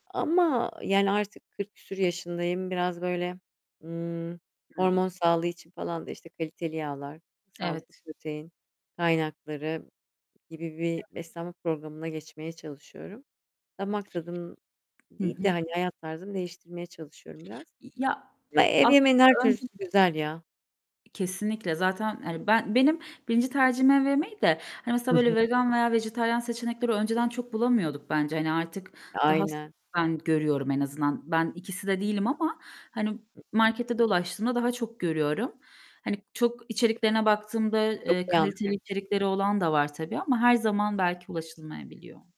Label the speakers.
Speaker 1: Ama yani artık 40 küsur yaşındayım. Biraz, böyle, ımm,
Speaker 2: Hıı.
Speaker 1: hormon sağlığı için falan da, işte, kaliteli yağlar, sağlıklı
Speaker 2: Evet.
Speaker 1: protein kaynakları gibi bir
Speaker 2: Evet.
Speaker 1: beslenme programına geçmeye çalışıyorum. Damak tadım
Speaker 2: Hı
Speaker 1: değil de,
Speaker 2: hı.
Speaker 1: hani, hayat tarzımı değiştirmeye çalışıyorum biraz.
Speaker 2: İ ya,
Speaker 1: Ama ev yemeğinin
Speaker 2: aslında
Speaker 1: her
Speaker 2: önce
Speaker 1: türlüsü güzel ya.
Speaker 2: Kesinlikle zaten, hani ben benim 1. tercihim ev yemeği de, hani
Speaker 1: Hı
Speaker 2: mesela,
Speaker 1: hı.
Speaker 2: böyle, vegan veya vejetaryen seçenekleri önceden çok bulamıyorduk bence, hani, artık
Speaker 1: E,
Speaker 2: daha sık
Speaker 1: aynen.
Speaker 2: ben görüyorum en azından. Ben ikisi de değilim ama, hani,
Speaker 1: I ıh.
Speaker 2: markette dolaştığımda daha çok görüyorum. Hani, çok içeriklerine baktığımda,
Speaker 1: Çok
Speaker 2: eee,
Speaker 1: iyi
Speaker 2: kaliteli
Speaker 1: anlıyorum.
Speaker 2: içerikleri olan da var tabii ama her zaman belki ulaşılmayabiliyor.